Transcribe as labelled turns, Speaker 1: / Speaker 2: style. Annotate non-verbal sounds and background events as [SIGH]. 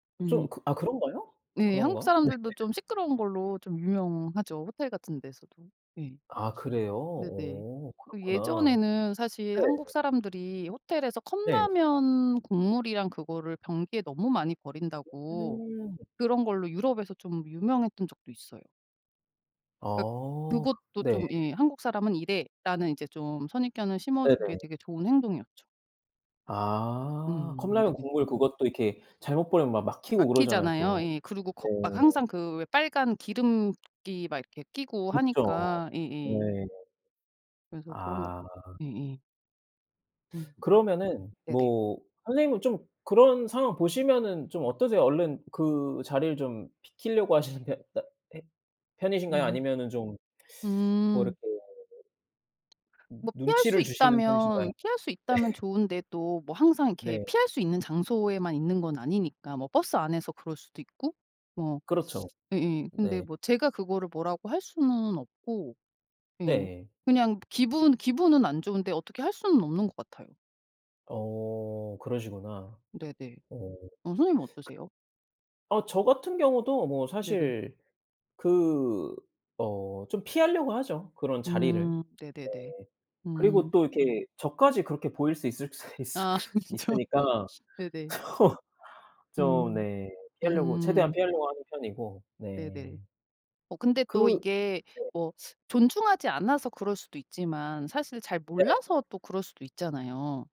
Speaker 1: 좀
Speaker 2: 음.
Speaker 1: 그 아 그런가요?
Speaker 2: 네.
Speaker 1: 그런가? 네.
Speaker 2: 한국사람들도
Speaker 1: [LAUGHS]
Speaker 2: 좀 시끄러운 걸로 좀 유명하죠. 호텔 같은 데서도. 예.
Speaker 1: 아 그래요?
Speaker 2: [SNIFFS] 네네.
Speaker 1: 어
Speaker 2: 그
Speaker 1: 그렇구나.
Speaker 2: 예전에는 사실 "한국
Speaker 1: 네.
Speaker 2: 사람들이 호텔에서
Speaker 1: 네.
Speaker 2: 컵라면 국물이랑 그거를 변기에 너무 많이
Speaker 1: 어
Speaker 2: 버린다."고
Speaker 1: 음.
Speaker 2: 그런 걸로 유럽에서 좀 유명했던 적도 있어요. 그러니까
Speaker 1: 어. 그
Speaker 2: 그것도
Speaker 1: 네.
Speaker 2: 좀 예 "한국 사람은 이래."라는 이제 좀 선입견을 심어주기에
Speaker 1: 네네.
Speaker 2: 되게 좋은 행동이었죠.
Speaker 1: 아.
Speaker 2: 음.
Speaker 1: 컵라면
Speaker 2: 네.
Speaker 1: 국물 그것도 이렇게 잘못 버리면 막 막히고 그러잖아요.
Speaker 2: 막히잖아요.
Speaker 1: 또.
Speaker 2: 예. 그리고 거 막
Speaker 1: 네.
Speaker 2: 항상 그 왜 빨간 기름기 막 이렇게 끼고
Speaker 1: 붙죠.
Speaker 2: 하니까
Speaker 1: 네.
Speaker 2: 예예. 그래서 그런 거
Speaker 1: 아.
Speaker 2: 예에. 음.
Speaker 1: [SUCKS TEETH] 그러면은
Speaker 2: 네네.
Speaker 1: 뭐 선생님은 좀 그런 상황 보시면은 좀 어떠세요? 얼른 그 자리를 좀 비키려고 하시는데 따 헤 편이신가요?
Speaker 2: 음음.
Speaker 1: 아니면은 좀 [SUCKS TEETH] 뭐
Speaker 2: 음.
Speaker 1: 이렇게 음
Speaker 2: 뭐 피할 수
Speaker 1: 눈치를 주시는 편이신가요?
Speaker 2: 있다면
Speaker 1: 네.
Speaker 2: 피할 수 있다면 좋은데 또 뭐 항상 이렇게
Speaker 1: 네.
Speaker 2: 피할 수 있는 장소에만 있는 건 아니니까 뭐 버스 안에서 그럴수도 있고 뭐
Speaker 1: 그렇죠.
Speaker 2: [SUCKS TEETH] 예예. 근데
Speaker 1: 네.
Speaker 2: 뭐 제가 그거를 뭐라고 할 수는 없고. 예
Speaker 1: 네.
Speaker 2: 그냥 기분 기분은 안 좋은데 어떻게 할 수는 없는 것 같아요.
Speaker 1: 어. 그러시구나.
Speaker 2: 네네.
Speaker 1: 어. [SUCKS TEETH] 그
Speaker 2: 어 선생님은 어떠세요?
Speaker 1: 어 저 같은 경우도 뭐
Speaker 2: 네네.
Speaker 1: 사실 그 어 좀 피하려고 하죠 그런 자리를.
Speaker 2: 음
Speaker 1: 네.
Speaker 2: 네네네.
Speaker 1: 그리고
Speaker 2: 음.
Speaker 1: 또 이렇게 저까지 그렇게 보일 수 있을 수 있을까 있을
Speaker 2: 아
Speaker 1: 수
Speaker 2: 그렇죠. [LAUGHS]
Speaker 1: 있으니까
Speaker 2: [SNIFFS] 네네.
Speaker 1: 좀 좀
Speaker 2: 음
Speaker 1: 네. 피하려고 최대한
Speaker 2: 음.
Speaker 1: 피하려고 하는
Speaker 2: 네네.
Speaker 1: 편이고.네.
Speaker 2: 어 근데 또
Speaker 1: 그
Speaker 2: 이게
Speaker 1: 네.
Speaker 2: 뭐 [SUCKS TEETH] 존중하지 않아서 그럴 수도 있지만 사실 잘
Speaker 1: 네.
Speaker 2: 몰라서 또 그럴 수도 있잖아요.